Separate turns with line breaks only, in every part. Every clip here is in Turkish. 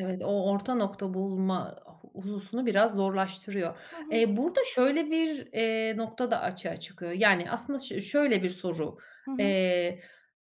Evet, o orta nokta bulma hususunu biraz zorlaştırıyor.
Hı hı.
Eee, burada şöyle bir, eee, nokta da açığa çıkıyor. Yani aslında şö şöyle bir soru.
Hı hı.
Eee,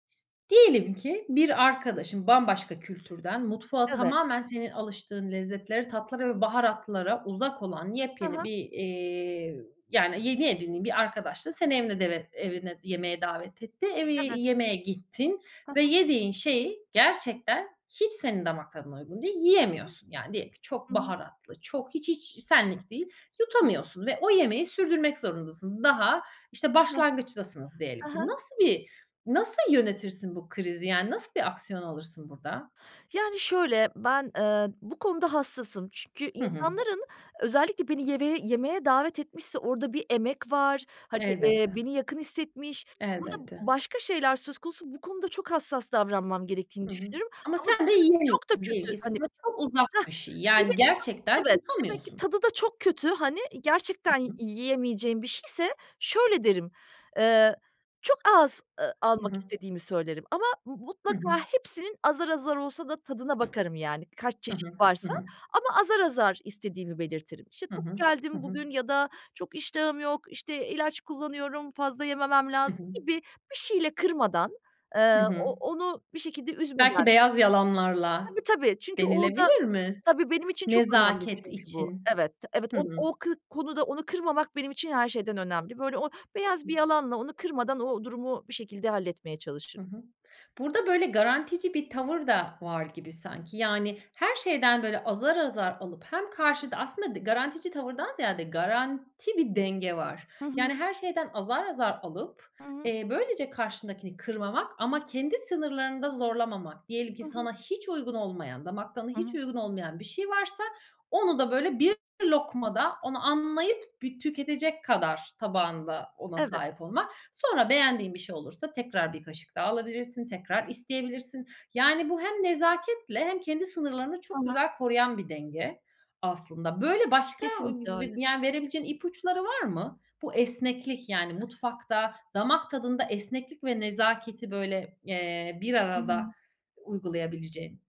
s diyelim ki bir arkadaşın, bambaşka kültürden mutfağı
Evet.
tamamen senin alıştığın lezzetlere, tatlara ve baharatlara uzak olan
Hı
yepyeni
hı.
bir, iii, yani yeni edindiğin bir arkadaş da seni evine devet evine yemeğe davet etti. Evi
Evet.
yemeğe gittin
Hı
ve
hı.
yediğin şey gerçekten hiç senin damak tadına uygun değil, yiyemiyorsun. Yani diyelim ki çok
Hı hı.
baharatlı, çok hiç, hiç, senlik değil, yutamıyorsun ve o yemeği sürdürmek zorundasın. Daha, işte,
Hah.
başlangıçtasınız diyelim
Hı
ki.
hı.
Nasıl bir nasıl yönetirsin bu krizi? Yani nasıl bir aksiyon alırsın burada?
Yani şöyle, ben, ııı, bu konuda hassasım. Çünkü
Hı hı.
insanların özellikle beni yemeve yemeğe davet etmişse orada bir emek var, hani, eee,
Elbette.
beni yakın hissetmiş, burada
Elbette.
başka şeyler söz konusu, bu konuda çok hassas davranmam gerektiğini
Hı hı.
düşünürüm
Ama
ama
sen de
diyelim ki çok da
yiyemiyorsun. Diyelim
kötü,
ki
hani
sana çok uzak
Hah,
bir şey.
bir de
Yani
çok
gerçekten
Evet, demek ki
yutamıyorsun.
tadı da çok kötü, hani, gerçekten yi
Hı hı.
yiyemeyeceğim bir şeyse, şöyle derim, ııı, çok az, ııı,
Hı
almak
hı.
istediğimi söylerim ama m
Hı hı.
mutlaka hepsinin azar azar olsa da tadına bakarım yani, kaç
Hı
çeşit
hı. Hı
varsa
hı.
ama azar azar istediğimi belirtirim. İşte,
Hı
tok
hı. Hı
geldim
hı.
bugün ya da çok iştahım yok, işte, ilaç kullanıyorum, fazla yememem
Hı
lazım
hı.
gibi, bir şeyle kırmadan, ııı,
Hı
o
hı.
onu bir şekilde üzmeden.
Belki beyaz yalanlarla,
Tabii, tabii, çünkü orada
denilebilir mi? S
Tabii benim için çok önemli
nezaket
çünkü bu.
için.
Evet, te evet,
Hı
o
hı.
o kı konuda onu kırmamak benim için her şeyden önemli. Böyle o beyaz bir yalanla onu kırmadan o durumu bir şekilde halletmeye
Hı
çalışırım.
hı. Burada, böyle, garantici bir tavır da, var gibi sanki. Yani her şeyden, böyle, azar azar alıp hem
Hı hı.
karşıda aslında garantici tavırdan ziyade, garanti bir denge var.
Hı
Yani
hı.
her şeyden azar azar alıp,
Hı hı.
eee, böylece karşındakini kırmamak ama kendi sınırlarını da zorlamamak, diyelim ki
Hı hı.
sana hiç uygun olmayan, damak tadına
Hı
hiç
hı.
uygun olmayan bir şey varsa onu da böyle bir lokmada, onu anlayıp bir tüketecek kadar tabağında ona
Evet.
sahip olmak. Sonra beğendiğin bir şey olursa tekrar bir kaşık daha alabilirsin, tekrar isteyebilirsin. Yani bu hem nezaketle hem kendi sınırlarını çok
[unintelligible]
güzel koruyan bir denge, aslında. Böyle başka
Kesinlikle öyle.
b b yani ve verebileceğin ipuçları var mı? Bu esneklik, yani mutfakta, damak tadında esneklik ve nezaketi böyle, eee, bir
Hı
arada
hı.
uygulayabileceğin.